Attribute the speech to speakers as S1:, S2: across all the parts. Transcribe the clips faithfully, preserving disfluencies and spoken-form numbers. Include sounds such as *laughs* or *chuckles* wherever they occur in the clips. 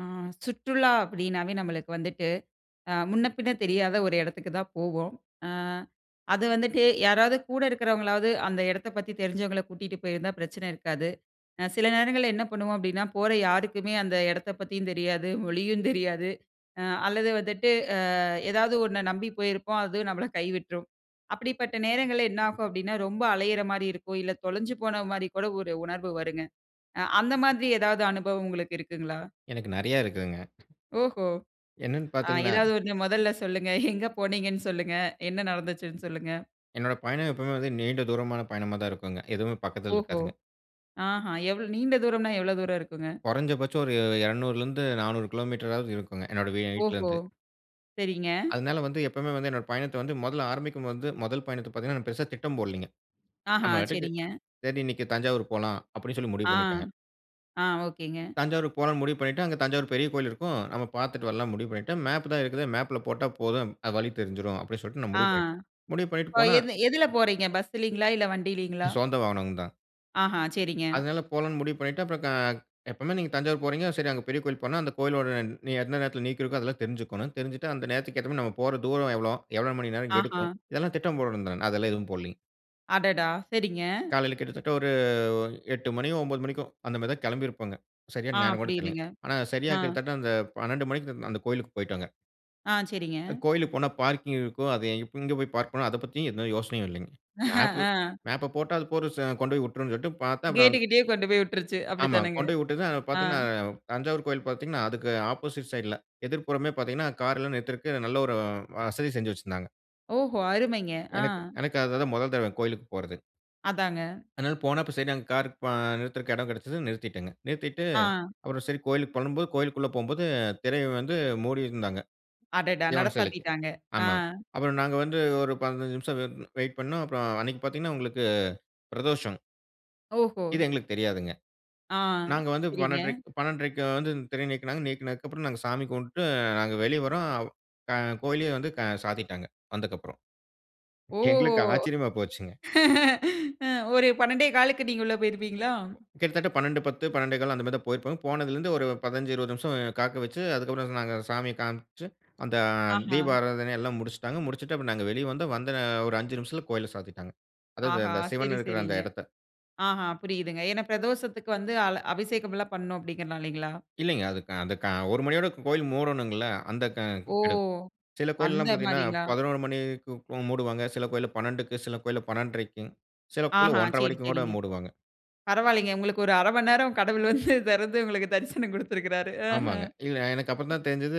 S1: ஆ சுற்றுலா அப்படினாவே நம்மளுக்கு வந்துட்டு அ முன்ன, பின்ன தெரியாத ஒரு இடத்துக்கு தான் போவோம். ஆ அது வந்துட்டு யாராவது கூட இருக்கிறவங்களாவது அந்த இடத்தப் பத்தி தெரிஞ்சவங்கள கூட்டிட்டு போயிருந்தா பிரச்சன இருக்காது. சில நேரங்கள்ள என்ன பண்ணுவோ அப்பிடின்னா போற யாருக்குமே அந்த எடத்த பத்தியு தெரியாது, மொழியு தெரியாது அல்லது வந்துட்டு ஆ ஏதாவது ஒண்ண நம்பி போயிருப்போம் அதுவு நம்மள கைவிட்ரும். அப்படிப்பட்ட நேரங்கள்ல என்னாகு அப்படின்னா ரொம்ப அலையிற மாரி இருக்கும். இல்ல தொலஞ்சு போன மாரி கூட ஒரு உணர்வு வருங்க. அந்த மாதிரி ஏதாவது அனுபவம் உங்களுக்கு இருக்குங்களா?
S2: எனக்கு நெறைய இருக்குங்க.
S1: ஓஹோ!
S2: என்னன்னு
S1: ஆ
S2: பாத்தீங்கன்னா.
S1: ஏதாவது ஒண்ணு முதல்ல சொல்லுங்க. எங்க போனீங்கனு சொல்லுங்க? என்ன நடந்துச்சுனு சொல்லுங்க?
S2: என்னோட பயண எப்பவுமே வந்து நீண்ட தூரமான பயணமா தான் இருக்குங்க. எதுவுமே பக்கத்தில
S1: ஓஹோ!
S2: இருக்காதுங்க.
S1: ஆஹா எவ் நீண்ட தூரம்னா எவ்வளோ தூர இருக்குங்க?
S2: கொறஞ்சபட்ச ஒரு இரனூறுலிருந்து நானூறு கிலோமீட்டராவது இருக்குங்க என்னோட
S1: ஓஹோ!
S2: வீட்லருந்து.
S1: சரிங்க.
S2: அதனால வந்து எப்பவுமே வந்து என்னோட பயணத்த வந்து முதல்ல ஆரம்பிக்கும் போது முதல் பயணத்த பாத்தீங்கன்னா, பெருசா திட்டம் போடலிங்க.
S1: ஆஹா,
S2: நம்ம பாட்டுக்கு
S1: சரிங்க.
S2: சரி, இன்னைக்கு தஞ்சாவூர் போலா அப்பிடின்னு சொல்லி முடிவு
S1: ஆ.
S2: பண்ணிடேங்க.
S1: ஆ. ஓகேங்க.
S2: தஞ்சாவூரு போலானு முடிவு பண்ணிட்டு அங்க தஞ்சாவூர் பெரிய கோவில் இருக்கும். நம்ம பாத்துட்டு வரலானு முடிவு பண்ணிட்டேன். மேப் தான் இருக்குதே. மேப்ல போட்டா போது அது வழி தெறிச்சுடும் அப்பிடின்னு சொல்லிட்டு நான்
S1: ஆ.
S2: முடிவு பண்ணிட்டேன். முடிவு பண்ணிட்டு
S1: இப்போ
S2: போனா.
S1: எது எதுல போறீங்க? பஸ்லங்களா இல்ல, வண்டியிலங்களா?
S2: சொந்த வாகனம் தான்.
S1: ஆஹா சரிங்க.
S2: அதனால போலான்னு முடிவு பண்ணிட்டு, அப்புறம் க எப்பவுமே நீங்க தஞ்சாவூர் போறீங்க சரி, அங்க பெரிய கோயில் போனா அந்த கோயிலோட நீ எந்த நேரத்தில நீக்கி இருக்கும், அதெல்லாம் தெரிஞ்சுக்கோணும், தெரிஞ்சிட்டு அந்த நேரத்துக்கு ஏத்த மாரி நம்ம போற தூரம் எவ்வளோ? எவ்வளவு மணி நேரம்
S1: ஆஹா!
S2: எடுக்கும்? இதெல்லாம் திட்டம் போடணும் தா அதெல்லாம் எதுவும் போடலைங்க.
S1: அடடா! சரிங்க.
S2: காலையில கிட்டத்தட்ட ஒரு எட்டு மணி ஒம்பது மணிக்கோ, அந்த மாதி தான் கெளம்பி இருப்போங்க,
S1: ஆ.
S2: சரியான நேரம் கூட தெர்லைங்க,
S1: புரியுதுங்க.
S2: ஆனா சரியா
S1: ஆ.
S2: கிட்டத்தட்ட அந்த பன்னெண்டு மணிக்கிட்ட அந்த கோயிலுக்கு போய்ட்டோங்க.
S1: ஆ. சரிங்க.
S2: அ கோயிலுக்கு போனா பார்க்கிங் இருக்கும். அது இப் எங்கே போய் பார்க் பண்ணணும், அத பத்தி எந்த யோசனையும் இல்லைங்க. மேப்பு
S1: அ.
S2: மேப்ப போட்டா, அது போற செ கொண்டோய் உட்ரும்னு சொல்ட்டு பாத்தா அப்புறம் அங்க
S1: கேட்டுகிட்டேயே கொண்டு போய் விட்டுருச்சு,
S2: ஆமா
S1: அப்படித்தானேங்க?
S2: கொண்டோய் விட்டதும் அங்க
S1: ஆ.
S2: பாத்தீங்கனா தஞ்சாவூர் கோயில் பாத்தீங்கன்னா அதுக்கு ஆப்போசைட் சைட்ல எதிர்ப்புறமே பாத்தீங்கன்னா கார் எல்லாம் நிறுத்துறக்கு நல்ல ஒரு அ வசதி செஞ்சு வச்சிருந்தாங்க.
S1: ஓஹோ! அருமைங்க! ஆ.
S2: எனக்கு எனக்கு அது தான் மொதல் தடவை கோயிலுக்கு போறது.
S1: அதாங்க.
S2: அதனால போனா அப்போ சரி, அங்க கார் பா நிறுத்துறக்கு எடம் கெடைச்சது நிறுத்திட்டேங்க. நிறுத்திட்டு
S1: ஆ.
S2: அப்புறம் சரி கோயிலுக்கு போலான்னும் போது கோயிலுக்குள்ள போம்போது திரைய வந்து மூடி இருந்தாங்க.
S1: அடடா! நட
S2: சிவன் சிலைக்கு.
S1: சாத்திட்டாங்க. ஆ.
S2: ஆமாங்க. அப்புறம் நாங்க வந்து ஒரு பதினஞ்சு நிமிஷம் வ் வெயிட் பண்ணோம், அப்புறம் அன்னைக்கு பாத்தீங்கன்னா, உங்களுக்கு பிரதோஷம்.
S1: ஓஹோ!
S2: இது எங்களுக்கு தெரியாதுங்க.
S1: ஆ
S2: நாங்க வந்து
S1: சரிங்க.
S2: பன்னட்ரைக் பன்னட்ரைக்கு வந்து திரை நீக்குனாங்க. நீக்குனதுக்கு அப்புறம் நாங்க சாமி கும்பிட்டுட்டு நாங்க வெளியே வரோம். அ கோயிலயே வந்து சாத்திட்டாங்க, வந்தக்கு அப்புறம்.
S1: ஓ!
S2: எங்களுக்கு ஆச்சரியமா போச்சுங்க.
S1: *laughs* ஒரு பன்னண்டே காலுக்கு நீங்க உள்ளே போயிருப்பீங்களா?
S2: கிட்டத்தட்ட, பன்னண்டு பத்து பன்னெண்டே கால் அந்த மாதிரி தான் போயிருப்போங்க. போனதில இருந்து ஒரு பதினஞ்சு இருபது நிமிஷம் காக்க வெச்சு, அதுக்கு அப்புறம் சொன்னாங்க, சாமிய காண்ப்ச்சு, அந்த அ
S1: ஆஹா.
S2: தீப ஆராதனை எல்லாம் முடிச்சிட்டாங்க, முடிச்சிட்டு அப்றம் நாங்க வெளிய வந்தோம். வந்த ஒரு அஞ்சு நிமிஷத்தில கோயில சாத்திட்டாங்க, அதாவது
S1: ஆஹா
S2: அந்த சிவன்
S1: சரி,
S2: இருக்கிற அந்த
S1: சரிங்க.
S2: எடத்த.
S1: ஆஹ புரியுதுங்க, ஏன்னா பிரதோஷத்துக்கு வந்து அல அபிஷேகம்லாம் பண்ணணும் அப்படிங்கிறதுனாலைங்களா?
S2: இல்லைங்க, அது க அந்த க ஒரு மணியோட கோயிலு மூடனுங்கல்ல! அந்த க
S1: ஓ!
S2: கடும் சில
S1: அந்த
S2: கோயில்லலாம் பாத்தீங்கனா
S1: மாரிங்களா?
S2: பதினொறு மணிக்கு மூடுவாங்க, சில கோயில்ல பன்னண்டுக்கு, சில கோயில்ல பன்னண்றைக்குங் சில கோயில்ல
S1: ஆஹா.
S2: ஒன்ற
S1: சரி,
S2: வரைக்கும் கூட
S1: சரிங்க,
S2: மூடுவாங்க.
S1: பரவால்லைங்க, உங்களுக்கு ஒரு இ அறை மணி நேரம் கடவுள் வந்து தேறந்து உங்களுக்கு தரிசனம் குடுத்திருக்கிறாரு. அஹா.
S2: ஆமாங்க, இல்ல எனக்கு அப்புறம் தான் தெரிந்தது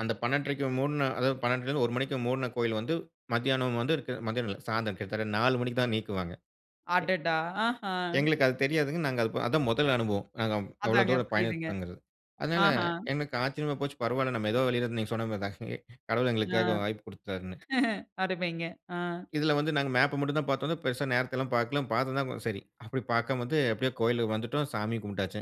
S2: அந்த பன்னண்றை க்கு மூடின அதாவது பன்னண்டுலருந்து ஒரு மணிக்கு மூடின கோயில் வந்து மத்தியானம் வந்து இருக்கு மத்தியானம் இல்ல சாயந்தரம். கிட்டத்தட்ட நாலு மணிக்கு தான் நீக்குவாங்க.
S1: அடடா! ஆஹா.
S2: எ எங்களுக்கு அது தெரியாதுங்க நாங்க அது பா அதான் மொதல் அனுபவம், நாங்க வ் அவ்வளவு
S1: அதாங்க
S2: தூரம்
S1: புரியுதுங்க,
S2: பயணம்பண்ணதுல. அதனால
S1: ஆஹா.
S2: எங்களுக்கு ஆச்சரியமா போச்சு, பரவால்ல, நம்ம ஏதோ வெளியிலருந்து நீங்க சொன்னது மாரிதான் *chuckles* கடவுள்
S1: ஆ.
S2: எங்களுக்காக வாய்ப்பு குடுத்தாருன்னு.
S1: *chuckles* அருமைங்க! ஆ.
S2: இதில வந்து நாங்க மேப்ப மட்டும் தான் பாத்தோங்க, பெரிசா நேரத்தல்லாம் பாக்கல, பாத்திருந்தா ம சரி. அப்படி பாக்காம வந்து, எப்டியோ கோயில்ல வந்துட்டோம், சாமிய கும்புடாச்சு.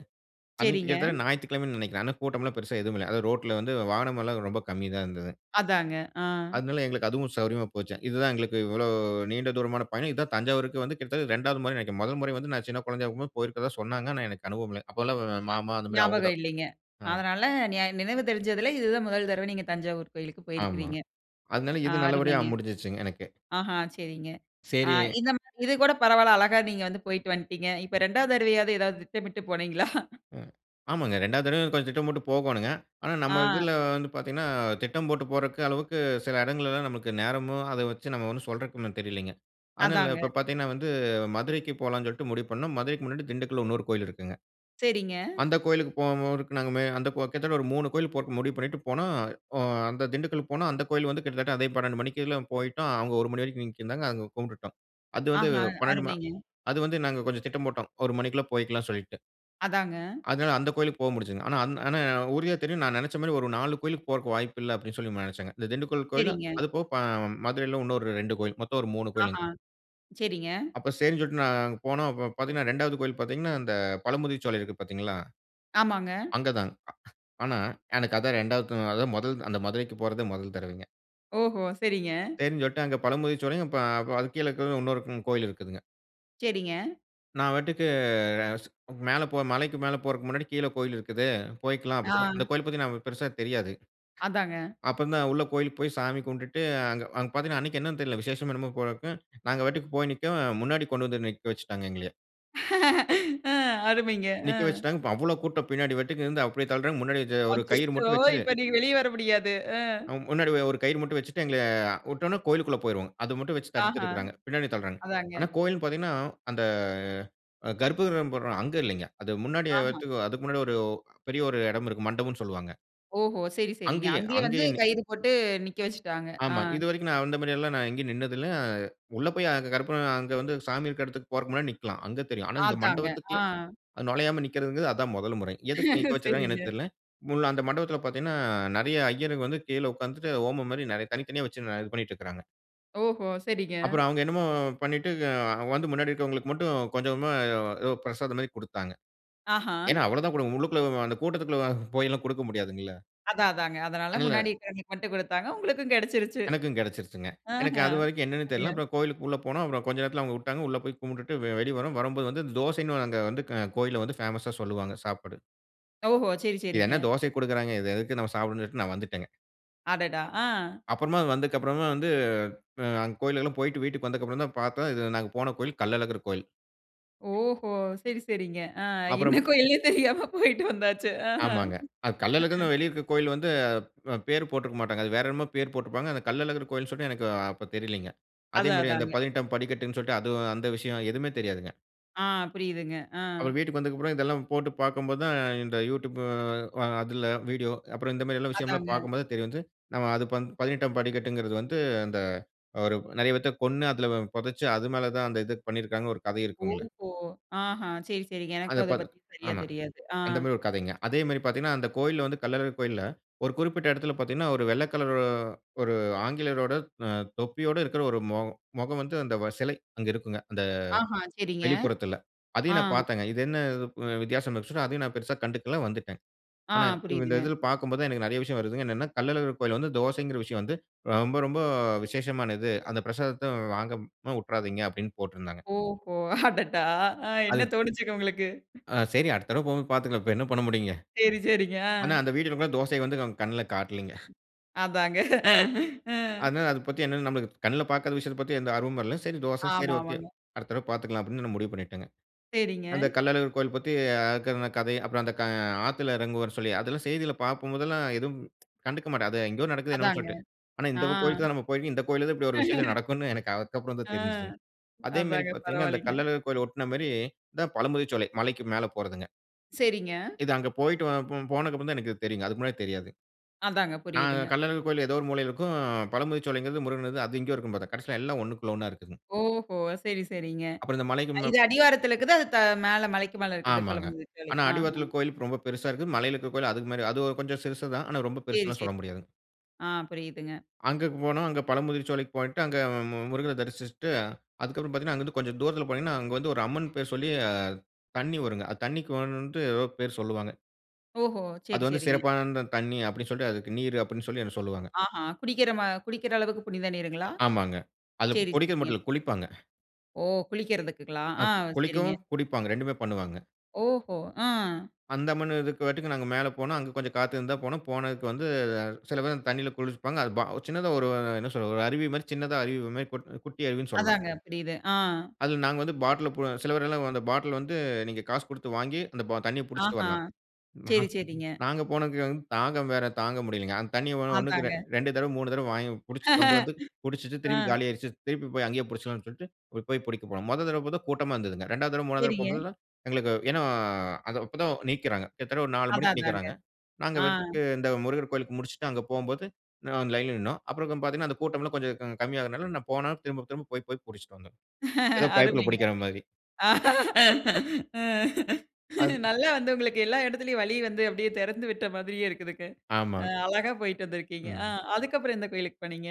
S2: அன்னைக்கு
S1: சரிங்க.
S2: கிட்டத்தட்ட ஞாயித்துக்கிழமைனு நினைக்கிறேன், அதனா கூட்டம் எல்லாம் பெரிசா எதுவும் இல்ல. அதாவது ரோட்ல வந்து வாகனம் எல்லாம் ரொம்ப கம்மி தான் இருந்துது.
S1: அதாங்க அ.
S2: அதனால எங்களுக்கு அதுவும் சௌரியமா போச்சு, இது தான் எங்களுக்கு இவ்வளோ நீண்ட தூரமான பயணம். இது தான் தஞ்சாவூருக்கு வந்து கிட்டத்தட்ட இரண்டாவது முறைன்னு நெனைக்கிறேன். மொதல் முறை வந்து நான் சின்ன குழந்தையாருக்கும் போயிருக்கிறதா சொன்னாங்க, ஆனா எனக்கு அனுபவம் இல்ல. அப்போல்லாம் ஒ
S1: அ
S2: மாமா அந்த மாரி அவுங்க
S1: ஞாபகம்
S2: தான்
S1: இல்லைங்க,
S2: ஆமா.
S1: அதனால நியா நினைவு தெரிஞ்சதில இதுதான் மொதல் தரவ நீங்க தஞ்சாவூர் கோயிலுக்கு
S2: ஆமா.
S1: போயிருக்கிறீங்க.
S2: அதனால
S1: அ
S2: இது நல்லபடியா அ
S1: அருமைங்க!
S2: முடிஞ்சிடுச்சுங்க எனக்கு.
S1: ஆஹா சரிங்க. அ
S2: சேரி
S1: இந்த மாரி இது கூட பரவாயில்ல, அழகா நீங்க வந்து போயிட்டு வன்ட்டீங்க. இப்போ ரெண்டாவது தரவையாவது, ஏதாவது திட்டமிட்டு போனீங்களா?
S2: ம் ஆமாங்க ரெண்டாவது தடவையும் கொஞ்சம் திட்டம் போட்டு போகோணுங்க. ஆனா நம்ம
S1: ஆ.
S2: இதில வந்து பாத்தீங்கன்னா, திட்டம் போட்டு போறக்கு அளவுக்கு சில இடங்கள்லலாம் நமக்கு நேரமும், அத வச்சு நம்ம ஒண்ணும் சொல்றக்கு ஒண்ணும் தெரியலைங்க. அதனால
S1: அதாங்க.
S2: இப்போ பாத்தீங்கன்னா வந்து, மதுரைக்கு போலான்சொல்ட்டு முடிவு பண்னோம். மதுரைக்கு முன்னாடி திண்டுக்கல்ல இன்னொரு கோயில் இருக்குங்க.
S1: சரிங்க.
S2: அந்த கோயிலுக்கு போகும் போதுக்கு நாங்க அந்த கோ கிட்டத்தட்ட ஒரு மூணு கோயில் போட்டு முடிவு பண்ணீட்டு போனோம். ஒ அந்த திண்டுக்கல் போனோம் அந்த கோவில் வந்து கிட்டத்தட்ட அதே பன்னண்டு மணிக்கேலாம் போய்ட்டோம். அவுங்க ஒரு மணி வரைக்கும் நீக்கிருந்தாங்க, அங்க கும்புட்டுட்டோம். அது வந்து
S1: ஆஹா.
S2: பன்னண்டு ம
S1: அருமைங்க!
S2: அது வந்து நாங்க கொஞ்சம் திட்டம் போட்டோம். ஒரு மணிக்குள்ள போய்க்கலாம் சொல்லீட்டு.
S1: அதாங்க.
S2: அதனால அந்த கோயிலுக்கு போ முடிஞ்சதுங்க. ஆனா, அந் ஆனா உறுதியா தெரியும். நான் நெனச்ச மாரி ஒரு நாலு கோயிலுக்கு போறக்கு வாய்ப்பு இல்ல, அப்பிடின்னு சொல்லி *unintelligible* நெனச்சாங்க. இந்த திண்டுக்கல் கோயிலும்,
S1: சரிங்க.
S2: அதுபோக ப மதுரைல இன்னொரு ரெண்டு கோயில். மொத்தம் ஒரு மூனு கோயிலுங்க.
S1: ஆஹா! சரிங்க.
S2: அப்ப செரின்னு சொல்ட்டு நான் அங்க போனோம், ப பாத்தீங்கன்னா இரண்டாவது கோயில் பாத்தீங்கன்னா, அந்த பழமுதிர்ச்சோலை இருக்கு பாத்தீங்களா?
S1: ஆமாங்க.
S2: அங்க தான் ஆனா, எனக்கு அதான் ரெண்டாவது த அதான் மொதல் அந்த மதுரைக்கு போறதே முதல் தடவைங்க.
S1: ஓஹோ! சரிங்க.
S2: சரின்னு சொல்ட்டு அங்க பழமுதிர்சோலையும், பா ப அது கீழ இருக்குறதும் இன்னொரு கு கோயில் இருக்குதுங்க.
S1: சரிங்க.
S2: நான் பாட்டுக்கு மேல போ மலைக்கு மேல போறக்கு முன்னாடி, கீழ கோயில் இருக்குது. போயிக்கலாம் அப்பிடி சொல்லி,
S1: ஆ.
S2: அந்த கோயில் பாத்தீங்கன்னா நமக்கு பெருசா தெரியாது.
S1: அதாங்க.
S2: அப்பந்தான் உள்ள கோயிலுக்கு போய் சாமி கும்ட்டுட்டு, அங்க, அங்க பாத்தீங்கன்னா, அன்னக்கி என்னன்னு தெரில. விசேஷமோ! என்னம்மோ! போலருக்கு. நாங்க வாட்டுக்கு போய் நிக்கோம். முன்னாடி கொண்டு வந்து நிக்க வச்சுட்டாங்க, எங்களய.
S1: *laughs* அ
S2: அ
S1: அருமைங்க.
S2: நிக்க
S1: அ.
S2: வச்சுட்டாங்க. இப்ப அவ்ள கூட்டம். பின்னாடி வெட்டுக்கு இருந்து அப்பஜடி தள்ளுறாங்க. முன்னாடி *unintelligible* ஒரு கயிறு
S1: அச்சச்சோ!
S2: மட்டும் வச்சி
S1: இப்ப நீங்க வெளிய வர முடியாது. அ.
S2: அம் முன்னாடி ஒ ஒரு கயிறு மட்டும் வச்சிட்டு, எங்கள உட்டோன்ன கோயிலுக்குள்ள போயிருவோங்க. அத மட்டும் வெச்சு தடுத்து
S1: ஆஹா!
S2: இருக்குறாங்க. பின்னாடி தள்றாங்க.
S1: அதாங்க.
S2: ஆனா, கோயில்ன்னு பாத்தீங்கன்னா அந்த அ கர்ப்பகிரகம் போட்றோம், அங்க இல்லங்க. அது முன்னாடி
S1: ஆஹா!
S2: வர்றதுக்கு அதுக்கு முன்னாடி ஒரு பெரிய ஒரு இடம் இருக்கு. மண்டபம்ன்னு சொல்லுவாங்க.
S1: ஓஹோ! சரி, சரிங்க.
S2: அங்கேயே,
S1: அங்கேயே வந்து
S2: அங்கேயேனு
S1: கயிறு போட்டு நிக்க வச்சுட்டாங்க. ஆ.
S2: ஆமா, இதுவரைக்கும் நான் அந்த மாரியெல்லாம் நான் எங்கேயும் நின்னது இல்ல. உள்ள போய் அங்க கற்பூரம் அங்க வந்து சாமி இருக்க இடத்துக்கு போறக்கு முன்னாடி நிக்கலாம், அங்க தெரியும். ஆனா இந்த
S1: ஆதாங்க ஆ.
S2: மண்டபத்துக்குள்ள அ நுழையாம நிற்கிறதுங்குறது, அதான் முதல் முறை. எதுக்கு நிக்க வச்சுருக்காங்கன்னு
S1: சரிங்க.
S2: எனக்கு தெரியல. முள் அந்த மண்டபத்துல பார்த்தீங்கன்னா, நெறைய ஐயர்ங்க வந்து கீழ உட்கார்ந்துட்டு ஹோமம் மாரி, நெறை தனித்தனியா வச்சு நா இது பண்ணிட்டு இருக்குறாங்க.
S1: ஓஹோ, சரிங்க.
S2: அப்புறம் அவங்க என்னமோ பண்ணிட்டு அ வந்து முன்னாடி இருக்கவங்களுக்கு மட்டும் கொஞ்ச கொஞ்சமா ஏதோ பிரசாதம் மாரி குடுத்தாங்க.
S1: ஆஹா.
S2: ஏன்னா, அவ்வளோ தான் குடுக்க உள்ளுக்குள்ள அந்த கூட்டத்துக்குள்ள போய்லாம் குடுக்க முடியாதுங்கல்ல.
S1: அதான் அதாங்க. அதனால
S2: அதனால
S1: முன்னாடி இருக்கவங்களுக்கு மட்டும் குடுத்தாங்க, உங்களுக்கும் கெடைச்சிருச்சு.
S2: எனக்கும் கெடைசிருச்சுங்க. எனக்கு
S1: ஆஹ.
S2: அது வரைக்கும் என்னனே தெரில.
S1: *unintelligible*
S2: அப்புறம் கோயிலுக்கு உள்ள போனோம், அப்புறம் கொஞ்சம் நேரத்துல அவங்க வுட்டாங்க. உள்ள போய் கும்புட்டுட்டு வெ வெளிய வரோம், வரும்போது வந்து அந்த தோசைன்னு வ அங்க வந்து க கோயில்ல வந்து பேமஸா சொல்லுவாங்க சாப்பாடு.
S1: ஓஹோ. சரி,
S2: "இது
S1: சரிங்க.
S2: என்ன தோசைய குடுக்குறாங்க. இது எதுக்கு நம்ம சாப்டணும்?" சொல்லிட்டு நான் வந்துட்டேங்க.
S1: அடடா, அ.
S2: அப்புறமா அது வந்ததுக்கு அப்புறமா வந்து, ஆ அங்க கோயிலுக்கெல்லாம் போயிட்டு வீட்டுக்கு வந்ததுக்கு அப்புறம் தான் பார்த்தோம், இதுல நாங்க போன கோயில் கள்ளழகர் கோயில்.
S1: ஓஹோ. சரி, சரிங்க. அ என்ன
S2: அப்புறம்.
S1: கோயில்னே தெரியாம போயிட்டு வந்தாச்சு. ஆஹ.
S2: ஆமாங்க. அது
S1: அ.
S2: கள்ளழகர்னு வெளிய இருக்க கோயில் வந்து, அ பேர் போட்டுருக்க மாட்டாங்க. அது வேற என்னமோ பேர் போட்டுருப்பாங்க. அந்த கள்ளழகர் கோயில் சொல்ட்டு எனக்கு அப்ப தெரிலங்க. அதே
S1: அதான்,
S2: மாரி அந்த
S1: அதாங்க.
S2: பதினெட்டாம் படிக்கட்டுன்னு சொல்லிட்டு, அது அந்த விஷயம் எதுவுமே தெரியாதுங்க.
S1: ஆ, புரியுதுங்க. அ.
S2: அப்புறம் வீட்டுக்கு வந்ததுக்கப்புறம் இதெல்லாம் போட்டுப் பார்க்கும் போதான், இந்த யூடியூப் அ அதுல வீடியோ, அப்புறம் இந்த மாரி எல்லாம் விஷயம்லாம்
S1: அதாங்க.
S2: பார்க்கும் போதான் தெரிய வந்தது. நம்ம அது பதினெட்டுஆம் படி கட்டுங்கிறது வந்து அந்த, "ஒரு நறைய பேர்த்தக் கொன்னு, அதுல பொதச்சு, அது மேலதான் அந்த இதப் பண்ணிருக்காங்க" ஒரு கதை இருக்குங்கல.
S1: ஓஹோ! ஆஹா! சரி, சரிங்க. எனக்கும்
S2: அந்த
S1: அத
S2: பத
S1: பத்தி சரியா
S2: ஆமா.
S1: தெரியாது. ஆ.
S2: அந்த மாரி ஒரு கதைங்க. அதே மாரி பாத்தீங்கன்னா, அந்த கோயில்ல வந்து கள்ளழகர் கோயில்ல ஒரு குறிப்பிட்ட எடத்துல பாத்தீங்கன்னா, ஒரு வெள்ள கலரு ஒரு ஆங்கிலேயரோட அ தொப்பியோட இருக்ற ஒரு மொ மொகம் வந்து அந்த செலை அங்க இருக்குங்க, அந்த
S1: ஆஹ, சரிங்க.
S2: வெளிப்புறத்துல.
S1: ஆ.
S2: அதையும் நான் பார்த்தேங்க. "இது என்ன புது வித்தியாசம்" இருந்துச்சுனா, அதையும் நான் பெருசா கண்டுக்கல, வந்துட்டேன்.
S1: ஆ
S2: ஆனா இந்த
S1: புரியுதுங்க.
S2: இதுல பார்க்கும் போதான் எனக்கு நறைய விஷயம் வருதுங்க. என்னன்னா கள்ளழகர் கோயில்ல வந்து தோசைங்கிற விஷயம் வந்து, ரொம்ப ரொம்ப விசேஷமானது. அந்த "பிரசாதத்த வாங்காம வுட்றாதீங்க" அப்டின்னு போட்டுருந்தாங்க.
S1: ஓஹோ! *laughs* அடடா! அ என்ன
S2: அது
S1: தோணிச்சுங்க உங்களுக்கு?
S2: ஆ சரி அடுத்த தடவ போகும் போது பாத்துக்கலாம். இப்ப என்ன பண்ண முடியும்ங்க.
S1: சரி, சரிங்க,
S2: ஆனா
S1: அ.
S2: அந்த வீடியோலலாம் தோசைய வந்து கண்ணுல காட்லைங்க.
S1: அதாங்க. *chuckles* அ.
S2: அதனால அது பத்தி என்ன நம்மளுக்கு கண்ணுல பாக்காத விஷயத்தப் பத்தி எந்த ஆர்வமும் இல்ல. "சரி தோச, சரி ஓகே.
S1: ஆமாமாங்க.
S2: அடுத்த தடவ பாத்துக்கலாம்" அப்டின்னு நான் முடிவு பண்ணிட்டேங்க.
S1: சரிங்க.
S2: அந்தக் கள்ளழகர் கோயில் பத்தி அ இருக்குற கதை, அப்புறம் அந்த ஆத்துல எறங்குவார்னு சொல்லி, அதெல்லாம் செய்திள்ல பார்க்கும் போதெல்லாம் எதும், கண்டுக்க மாட்டேன். அது எங்கயோ நடக்குது என்னமோன்னு
S1: அதாங்க.
S2: சொல்ட்டு. ஆனா
S1: ஆ.
S2: "இந்தக் கோயிலுக்குதான் நாம போயிருக்கோம். இந்தக் கோயில்லதான் இப்டி ஒரு விசேஷம்
S1: *laughs*
S2: நடக்கும்னு" எனக்கு அப்புறம்தான்
S1: ஆ
S2: தெரிஞ்சதுங்க. அதே மெரி
S1: அதாங்க
S2: பாத்தீங்கன்னா, அந்தக்
S1: பரவால்லைங்க.
S2: கள்ளழகர் கோயில ஒட்ன மாரி இந்த பழமுதிர்சோலை மலைக்கு மேல போறதுங்க.
S1: சரிங்க.
S2: இது அங்க போய்ட்டு போ போனதுக்கு அப்புறம் தான் எனக்கு தெரியுங்க, அதுக்கு முன்னாடி தெரியாது.
S1: அதாங்க,
S2: நான்
S1: புரியுதுங்க.
S2: கள்ளர் கோவிலில ஏதோ ஒரு மூலையில இருக்கும், பழமுதிர்ச்சோலைங்கிறது முருகன் அது இங்கேயும் இருக்கும்னு பார்த்தேன், கடைசியில எல்லாம் ஒன்னுக்குள் ஒன்னா இருக்குங்க.
S1: ஓஹோ சரி, சரிங்க.
S2: அப்புறம் இந்த மலைக்கு
S1: இது அடிவாரத்தில இருக்குது. அது தா மேல மலைக்கு மேலே இருக்குது
S2: ஆமாங்க,
S1: பழமுதிர்சோலை.
S2: ஆனா
S1: ஆ
S2: அடிவாரத்தில கோவில் ரொம்ப பெரிசா இருக்கு, மலையில இருக்கிற கோவில் அது மாதிரி அது கொஞ்சம் சிருசுதான், ஆனா, ரொம்ப
S1: சரி,
S2: பெரிசுனு
S1: சரி.
S2: சொல்ல முடியாதுங்க.
S1: ஆ புரியுதுங்க.
S2: அங்கு போனோம் அங்கு பழமுதிர்சோலைக்கு போய்ட்டு அங்கு முருகர தரிசிச்சிட்டு, அதற்கு அப்புறம் பார்த்தீங்கனா அங்கே இருந்து கொஞ்சம் தூரத்தில போனீங்கனா, அங்கு வந்து ஒரு அம்மன் பேர் சொல்லி தண்ணீ வருங்க, அது தண்ணீக்குவன்ட்டு ஏதோ பேர் சொல்வாங்க.
S1: ஓஹோ!
S2: அது
S1: சரி
S2: வந்து
S1: சரிங்க.
S2: சிறப்பான தண்ணீ அப்படினு சொல்லிட்டு அதுக்கு நீர் அப்படினு சொல்லி என்னை சொல்வாங்க.
S1: ஆஹ குடிக்கிற மா குடிக்கிற அளவுக்கு புனித நீருங்களா?
S2: ஆமாங்க, அதில
S1: சரி,
S2: குடிக்கிறது மட்டும்
S1: சரிங்க.
S2: இல்ல, குளிப்பாங்க.
S1: ஓ! குளிக்கிறதற்குங்களா?
S2: அ
S1: ஆ சரிங்க.
S2: குளிக்கவும், குடிப்பாங்க, இரண்டுமே பண்ணுவாங்க.
S1: ஓஹோ! ஆ.
S2: அந்தமன்ட்டுக்கும் நாங்க மேலே போனோம், அங்கு கொஞ்சம் காத்து இருந்தால போனோம், போனதுக்கு வந்து சில பேர் தண்ணீல குளிப்பாங்க, அது சின்னதா ஒரு என்ன சொல்றது ஒரு அருவி மாரி சின்னதா அருவி மாரி கொட் குட்டி அருவினு சொல்லலாம்.
S1: அதாங்க, புரிது. ஆ.
S2: அதில நாங்க வந்து பாட்டில சில பேர் எல்லாம் அந்த பாட்டில வந்து, நீங்க காசு கொடுத்து வாங்கி, அந்த தண்ணீய பிடிச்சிட்டு
S1: ஆஹா,
S2: வரலாம்.
S1: சரி,
S2: *unintelligible*
S1: சரிங்க.
S2: நாங்க போனது வந்து தாகம் வேற தாங்க முடியலிங்க, அந்த தண்ணீ ஒன்னுக்கு
S1: அதாங்க.
S2: இரண்டு தடவை மூனு தடவை வாங்கி பிடிச்சு வந்து வந்து
S1: *chuckles*
S2: பிடிச்சிட்டு திருப்பி
S1: ஆ.
S2: காலி ஆயிடுச்சு, திருப்பி போய் அங்கேயே பிடிச்சு கொள்ளலாம்னு சொல்லிட்டு, அங்க போய் பிடிக்க போனோம், முதல் தடவை கூட்டமா இருந்ததுங்க, இரண்டாவது தடவை, மூனாவது தடவை
S1: சரிங்க.
S2: போகும்போது, எங்களுக்கு ஏனா அப்போ தான் நீக்கிறாங்க, கிட்டத்தட்ட ஒரு நாலு
S1: அதான்,
S2: மணிக்கு
S1: அதாங்க.
S2: நீக்கிறாங்க, நாங்க
S1: ஆ
S2: பாட்டுக்கு இந்த முருகர் கோவிலுக்கு முடிச்சிட்டு, அங்கு போகும்போது லைன்ல நின்னோம், அப்புறம் பார்த்தீங்கனா, அந்த கூட்டம் எல்லாம் கொஞ்சம் கம்மியாகதால நான் போனாலும் திரும்ப திரும்ப போய், போய் பிடிச்சிட்டு வந்தோம், ஏதோ
S1: *laughs*
S2: பைப்ல
S1: அருமைங்க,
S2: பிடிக்கிற மாரி.
S1: அருமை.
S2: அது
S1: நல்லா வந்து உங்களுக்கு எல்லா இடத்திலும் வலி வந்து அப்படியே திறந்துவிட்ட மாதிரியே இருக்குதுங்க. அ
S2: ஆமாங்க.
S1: அழகா போயிட்டு வந்திருக்கிங்க, ஆ
S2: ம்.
S1: அதுக்கு அப்புறம் எந்த கோவிலுக்கு போனீங்க?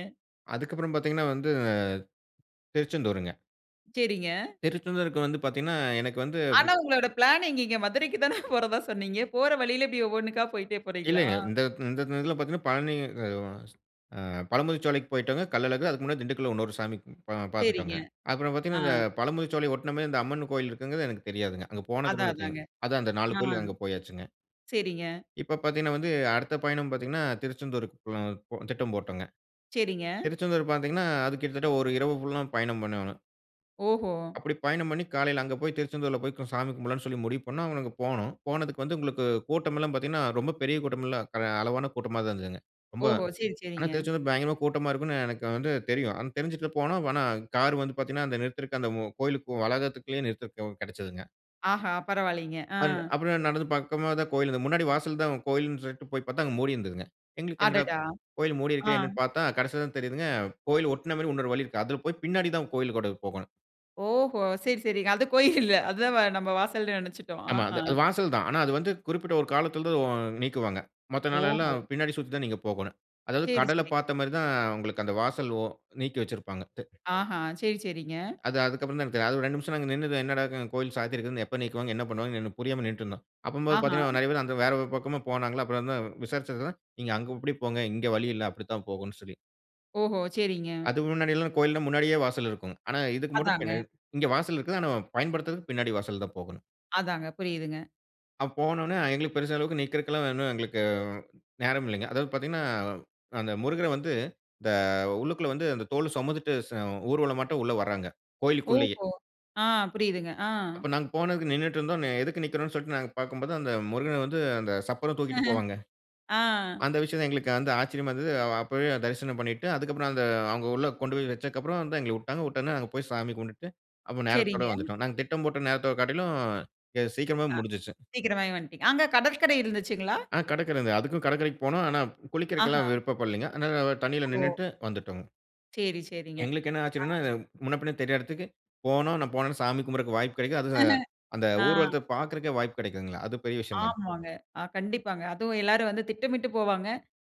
S2: அதுக்கப்புறம் பார்த்தீங்கனா, வந்து திருச்செந்தூருங்க.
S1: சேரிங்க.
S2: திருச்செந்தூருக்கு வந்து பாத்தீங்கனா, எனக்கு வந்து,
S1: ஆனா உங்களோட பிளான் எங்கங்கே மதுரைக்கு தான போறதா சொன்னீங்க? போற வழியில இப்படி ஒவ்வொன்னுக்கா போயிட்டே போறீங்களா?
S2: இல்லங்க. இந்த இந்த இதுல பாத்தீங்கனா பழனி ஆ பழமுதிர்ச்சோலைக்கு போய்டோங்க. கள்ளழகு அதுக்கு முன்னாடி திண்டுக்கல்லுல இன்னொரு சாமி
S1: சேரிங்க,
S2: பார்த்துட்டோங்க. அப்புற
S1: ஆ.
S2: பார்த்தீங்கனா, இந்த பழமுதிர்ச்சோலை ஒட்டின மேரி இந்த அம்மன் கோவில் இருக்குங்கிறது எனக்கு தெரியாதுங்க. அங்க
S1: அதா
S2: போனதுகப்புற தான்
S1: அதாங்க.
S2: தெரியும். அதா அந்த நாலு
S1: ஆ.
S2: கோயிலுக்கு அங்க போயாச்சுங்க.
S1: சேரிங்க.
S2: இப்ப பார்த்தீங்கனா வந்து அடுத்த பயணம் பார்த்தீங்கனா திருச்செந்தூருக்கு பி திட்டம் போட்டோங்க.
S1: சேரிங்க.
S2: திருச்செந்தூர் பார்த்தீங்கனா அது கிட்டத்தட்ட ஒரு இரவு ஃபுல்லா பயணம் பண்னோனு.
S1: ஓஹோ!
S2: அப்படி பயணம் பண்ணி காலையில அங்க போய் திருச்செந்தூர்ல போய் சாமி கும்பிடலாம்னு சொல்லி முடிவு பண்ணா, அவங்க அங்க போனோம். போனதுக்கு வந்து உங்களுக்கு கூட்டமெல்லா பார்த்தீங்கனா, ரொம்ப பெரிய கூட்டமெல்லாம் அளவான கூட்டமா தான் இருந்ததுங்க. ரொம்ப
S1: ஓஹோ! சேரி,
S2: ஆனா
S1: சேரிங்க.
S2: திருச்செந்தூர் பயங்கரமா கூட்டமா இருக்குனு எனக்கு வந்து தெரியும். ஆனா தெருஞ்சுட்டு போனோம். ஆனா கார் வந்து, பார்த்தீங்கனா அந்த நிறுத்திருக்கு அந்த கோவிலுக்கு போற வளாகத்திற்குள்ளயே நிறுத்தருக்கு கெடச்சதுங்க.
S1: ஆஹா, பரவாலீங்க. அ.
S2: அன் அப்புறம் நடந்து பக்கமா தான் கோவில் இருந்தது. முன்னாடி வாசல்ல தான் கோவில்னு சொல்ட்டு போய் பார்த்தா, அங்க மூடியிருந்ததுங்க. எங்களுக்கு என்னடா
S1: அடடா!
S2: கோவில் மூடியிருக்குதே
S1: ஆ.
S2: என்னனு பார்த்தா கடைசியில தான் தெரியுதுங்க. கோவில் ஒட்ன மாரி இன்னொரு வழி இருக்கு. அதுல போய் பின்னாடி தான் கோவிலுக்கோட போகணும்.
S1: ஓஹோ! சேரி, சேரிங்க அது கோயில் இல்ல அதுதான் நம்ம வாசல்ன்னு நினைச்சிட்டோம்.
S2: ஆமா.
S1: ஆஹா!
S2: அது அது வாசல் தான். ஆனா அது வந்து குறிப்பிட்ட ஒரு காலத்துல *unintelligible* நீக்குவாங்க. மத்த
S1: ஓஹோ!
S2: நாளெல்லாம் பின்னாடி சுத்தி தான் நீங்க போகணும். அதாவது
S1: சேரி,
S2: கடல
S1: சேரி.
S2: பார்த்தமாரி தான் உங்களுக்கு அந்த வாசல், ஓ நீக்கி வச்சிருப்பாங்க *unintelligible*
S1: ஆஹா! சேரி, சேரிங்க.
S2: அது, அதுக்கப்புறம் தான் எனக்கு தெரியும். அது ரெண்டு நிமிஷம் நின்னு தான் என்னடா! *unintelligible* கோவில் சாத்தி இருக்குது. எப்ப நீக்குவாங்க என்ன பண்ணுவாங்கன்னு புரியாம நின்னுட்டு இருந்தோம். அப்பம்போது
S1: ஆஹா.
S2: பார்த்தீங்கன்னா, நிறைய பேரு அந்த வேற ஒரு பக்கமும் போனாங்களா, அப்புறம் வந்து விசாரிச்சதுல, நீங்க அங்க இப்பிடி போங்க, இங்கு வழி இல்ல, அப்பிடி தான் போகணும்னு சொல்லி
S1: ஓஹோ! சேரிங்க.
S2: அது முன்னாடி எல்லாம் கோவில்லாம் முன்னாடியே வாசல் இருக்குங்க. ஆனா, இதுக்கு மட்டும்
S1: அதாங்க.
S2: பின்ன இங்க வாசல் இருக்குது. ஆனா, பயன்படுத்துறதுக்கு பின்னாடி வாசல் தான் போகணும்.
S1: அதாங்க. புரியுதுங்க.
S2: அ, போனவுனே எங்களுக்கு பெரிசா அளவுக்கு நிக்குறக்குல்லாம் ஒன்னும் எங்களுக்கு நேரம் இல்லங்க. அதாவது பார்த்தீங்கன்னா, அந்த முருகர வந்து இந்த உள்ளுக்குள்ள வந்து அந்த தோலு சுமந்துட்டு ச ஊர்வல மாட்டம் உள்ளே வராங்க. கோவிலுக்குள்ளேயே!
S1: ஓஹோ! ஆ. புரியுதுங்க. ஆ.
S2: அப்ப நாங்க போனதுக்கு நின்னுட்டு இருந்தோம், அ எதுக்கு நிக்கிறோன்னு சொல்ட்டு நாங்க பார்க்கும்போது அந்த முருகன வந்து அந்த சப்பரம் தூக்கிட்டு போவாங்க.
S1: *laughs* ஆ.
S2: அந்த விஷயம் தான் எங்களுக்கு வந்து ஆச்சரியமா இருந்தது. அ அப்பவே தரிசனம் பண்ணிட்டு அதுக்கப்பறம் அந்த அவுங்க உள்ள கொண்டு போய் வெச்சதுக்கு அப்புறம் வந்து எங்கள உட்டாங்க உட்ட உடனே நாங்க போயி சாமி கும்புட்டு அப்ப நேரத்தோட
S1: சேரிங்க.
S2: வந்துட்டோம். நாங்க திட்டம் போட்ட நேரத்தோட காட்டிலும், எ சீக்கிரமா
S1: அ,
S2: முடிஞ்சிருச்சி.
S1: சீக்கிரமாவே வந்ட்டீங்க. அங்க கடற்கரை இருந்துச்சுங்களா?
S2: ஆன கடற்கரை இந்த அதுக்கும் கடற்கரைக்கும் போனோம். ஆனா,
S1: ஆஹா!
S2: குளிக்கிறக்குலாம் விருப்பப் படலேங்க. அதனால அ தண்ணீல
S1: ஓ!
S2: நின்னுட்டு வந்துட்டோங்க.
S1: செரி, செரிங்க.
S2: எங்களுக்கு என்ன
S1: அ,
S2: ஆச்சரியம்னா, இது முன்ன பின்ன தெரியாத எடத்துக்கு போனோம், நான் போனவொனே சாமி கும்பிறக்கு வாய்ப்பு கெடைக்குது, அது அ
S1: *laughs*
S2: அந்த
S1: ஆ.
S2: ஊர்வலத்த பாக்குறதுக்கே வாய்ப்பு கெடைக்குதுங்கல்ல, அது பெரிய விஷயம் தான்.
S1: ஆமாங்க. அ கண்டிப்பாங்க. அதுவும் எல்லாரும் வந்து திட்டமிட்டு போவாங்க.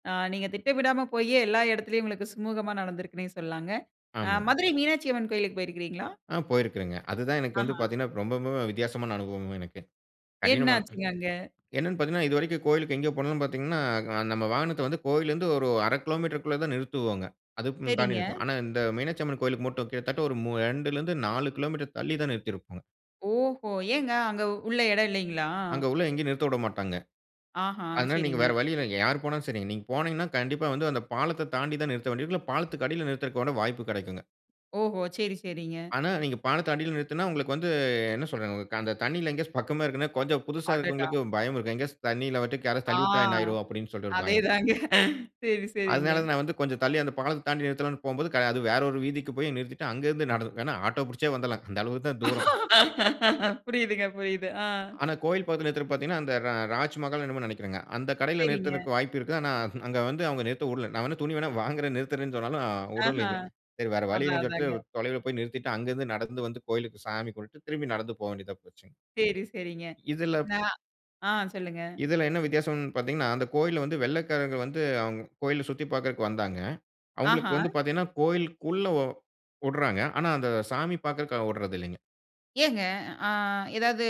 S1: அ நீங்க திட்டமிடாம போயே, எல்லா எடத்திலயும் உங்களுக்கு சுமுகமா நடந்திருக்குன்னே சொல்லலாங்க. அ
S2: ஆமா.
S1: மதுரை மீனாட்சியம்மன் கோயிலுக்கு போயிருக்கிறீங்களா?
S2: ஆ போயிருக்கிறேன்ங்க. அது தான் எனக்கு வந்து
S1: ஆஹா!
S2: பாத்தீங்கன்னா, ரொம்ப, ரொம்பம்பவே வித்தியாசமான அனுபவம் எனக்கு.
S1: என்ன
S2: கடினமானதுங்க.
S1: ஆச்சுங்க அங்க?
S2: என்னனு பாத்தீங்கன்னா இது வரைக்கும் கோயிலுக்கு எங்க போனாலும் பாத்தீங்கன்னா, நம்ம வாகனத்த வந்து கோயில்ல இருந்து ஒரு அரை கிலோ மீட்டருக்கு உள்ள தான் நிறுத்துவோங்க, அதுக்கும் தாண்டி
S1: சரிங்க.
S2: நிறுத்த மாட்டோம். ஆனா, இந்த மீனாட்சியம்மன் கோயிலுக்கு மட்டும் கிட்டத்தட்ட ஒரு மூ ரெண்டுலருந்து நாலு கிலோ மீட்டர் தள்ளி தான் நிறுத்தி இருக்கோம்.
S1: ஓஹோ! ஏங்க, அங்க உள்ள எடம் இல்லைங்களா?
S2: அங்க உள்ள எங்கயும் நிறுத்த விட மாட்டாங்க.
S1: ஆஹா!
S2: அதனால நீங்க
S1: சரிங்க.
S2: வேற வழி இல்ல. யார் போனாலும் சரி, நீங்க போனீங்கன்னா கண்டிப்பா வந்து அந்த பாலத்த தாண்டி தான் நிறுத்த வேண்டியது இருக்கும். இல்ல, பாலத்துக்கு அடில நிறுத்துறதுக்கான வாய்ப்பு கெடைக்குங்க.
S1: ஓஹோ! சரி, சரிங்க.
S2: ஆனா, நீங்க பாலத்துக்கு அடில நிறுத்துனா உங்களுக்கு வந்து, என்ன சொல்றதுங்க, அந்த தண்ணில எங்கயாச்சு பக்கமா இருக்குதுன்னா கொஞ்சம் புதுசா
S1: அடடா!
S2: இருக்குறவங்களுக்கு பயம் இருக்கும், எங்கயாச்சு தண்ணில விட்டு யாராச்சு
S1: ஆ
S2: தள்ளி விட்டா என்ன ஆயிரும் அப்பிடின்னு சொல்லிட்டு ஒரு பயம்.
S1: அதேதாங்க. சரி, சரிங்க.
S2: அதனால, நான் வந்து கொஞ்சம் தள்ளி, அந்த பாலத்த தாண்டி நிறுத்தலாம்னு போம்போது, கடை அது வேற ஒரு வீதிக்கு போய் நிறுத்திட்டு, அங்க இருந்து நடந்து, இல்லன்னா ஆட்டோ புடிச்சே வந்துடலாம். அந்த அளவுக்கு தான் தூரம்.
S1: புரியுதுங்க, புரியுது. அ.
S2: ஆனா, கோயில் பக்கத்துல வந்து நிறுத்தனும்னு பார்த்தீங்கன்னா, அந்த ரா ராஜ் மஹால் என்னமோ நெனைக்கிறேங்க, அந்த கடைல
S1: செரிங்க.
S2: நிறுத்துறதுக்கு வாய்ப்பு இருக்குது, ஆனா, *chuckles* அங்க வந்து அவங்க நிறுத்த விடல, நான் வேணா துணி வேணா வாங்குறேன், நிறுத்தறேன்னு சொன்னாலும்
S1: ஆஹா!
S2: வுடலைங்க. சரி. வேற வழி
S1: அதான்,
S2: இல்லன்னு
S1: அதாங்க.
S2: சொல்லிட்டு, தொலைவில போய் நிறுத்திட்டு, அங்கருந்து நடந்து வந்து கோயிலுக்கு சாமி கும்பிட்டுட்டு திரும்பி நடந்து போக வேண்டியதா போச்சுங்க.
S1: செரி, செரிங்க.
S2: இதுல
S1: நான் ஆ சொல்லுங்க.
S2: இதுல என்ன வித்தியாசம்னு பார்த்தீங்கன்னா, அந்த கோயில்ல வந்து வெள்ளைக்காரங்க வந்து அவங்க கோயில சுத்தி பாக்குறதுக்கு வந்தாங்க. அவங்களுக்கு
S1: ஆஹா!
S2: வந்து பாத்தீங்கன்னா கோயிலுக்குள்ள ஒ வுடுறாங்க, ஆனா, அந்த சாமி பாக்குறதுக்கு அ விடுறது இல்லைங்க.
S1: ஏங்க. அ ஏதாவது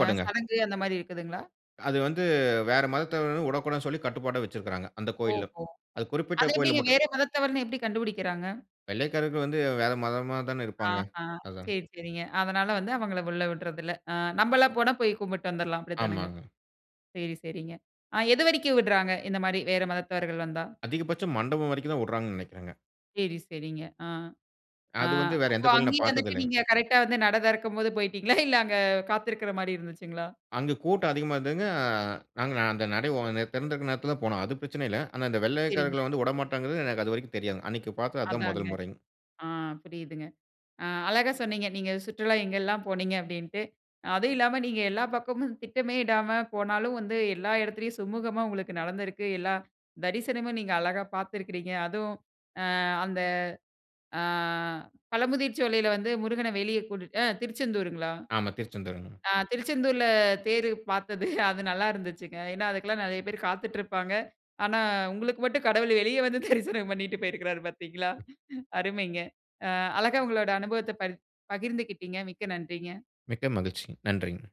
S1: அ சடங்கு அந்தமாரி, இருக்குதுங்களா?
S2: அது வந்து, வேற மதத்த வுடக்கூடாதுனு சொல்லி, கட்டுப்பாட வச்சுருக்கிறாங்க. அந்த கோயில்லும்.
S1: ஓஹோ!
S2: அது குறிப்பிட்ட
S1: அது
S2: கோயில்ல
S1: எப்பிடிங்க?
S2: மட்டும்.
S1: வேற மதத்தவர்ன்னு எப்பிடி கண்டுபிடிக்கிறாங்க?
S2: வெள்ளைக்காரர்கள் வந்து, வேத மதமா தான இருப்பாங்க.
S1: ஆஹா!
S2: அதான்.
S1: சேரி, சரிங்க. அதனால வந்து, அவங்கள உள்ள விட்றதில்ல. அ, நம்பளா போனா, போய் கும்பிட்டு வந்துர்லாம். அப்பிடித்தானங்க.
S2: ஆமாங்க.
S1: சேரி, சரிங்க. ஆ, எது வரைக்கும் விட்றாங்க. இந்தமாரி, வேற மதத்தவர்கள் வந்தா?
S2: அதிகபட்சம் மண்டபம் வரைக்குதான் வுட்றாங்க நெனக்கேறங்க.
S1: சேரி. சேரிங்க. ஆ, ஆ
S2: அது வந்து, வேற
S1: அப்ப
S2: எந்த கோயிலும் நான்
S1: அங்கேயும் வந்துட்டு,
S2: பார்த்ததில்லங்க.
S1: நீங்க கரெக்ட்டா வந்து, நட திறக்கம்போது போயிட்டீங்களா? இல்ல, அங்க காத்திருக்கிறமாரி இருந்துச்சுங்களா?
S2: அங்க, கூட்டம் அதிகமா இருந்ததுங்க. அ நாங்க, அந்த நடை *unintelligible* திறந்திருக்கிற நேரத்தில தான் போனோம். அது பிரச்சன இல்ல. ஆனா, அந்த
S1: சரிங்க.
S2: வெள்ளையக்காரர்கள வந்து விடமாட்டாங்கறது. எனக்கு அதுவரைக்கும் தெரியாதுங்க. அன்னக்கி பாத்தது அதுதான்
S1: அதாங்க.
S2: முதல் முறைங்க.
S1: ஆ, புரியுதுங்க. அ, அழகா சொன்னீங்க. நீங்க, சுற்றுலா எங்கெல்லாம் போனீங்க, அப்பிடின்ட்டு. அ அதுவும் இல்லாம, நீங்க எல்லா பக்கமும் திட்டமே இடாம போனாலும், வந்து எல்லா இடத்துலயும் சுமூகமா உங்களுக்கு நடந்திருக்கு. எல்லா தரிசனமும், நீங்க அழகா பார்த்துக்கிறீங்க. அதுவும் அ, அந்த அ, பழமுதிர்சோலையில வந்து, முருகன வெளிய கூட்டிட் அ, திருச்செந்தூருங்களா?
S2: ஆமா. திருச்செந்தூருங்க.
S1: அ, திருச்செந்தூர்ல தேரு பாத்தது அது நல்லா இருந்துச்சுங்க. ஏனா, அதுக்குலாம் நெறய பேரு காத்திட்ருப்பாங்க. ஆனா, உங்களுக்கு மட்டும், கடவுள் வெளிய வந்து, தரிசனம் பண்ணிட்டு போயிருக்குறாரு, பாத்தீங்களா அருமைங்க. அ, அழகா உங்களோட அனுபவத்த பரி பகிர்ந்துகிட்டீங்க. மிக்க நன்றிங்க.
S2: மிக்க மகிழ்ச்சி. நன்றிங்க.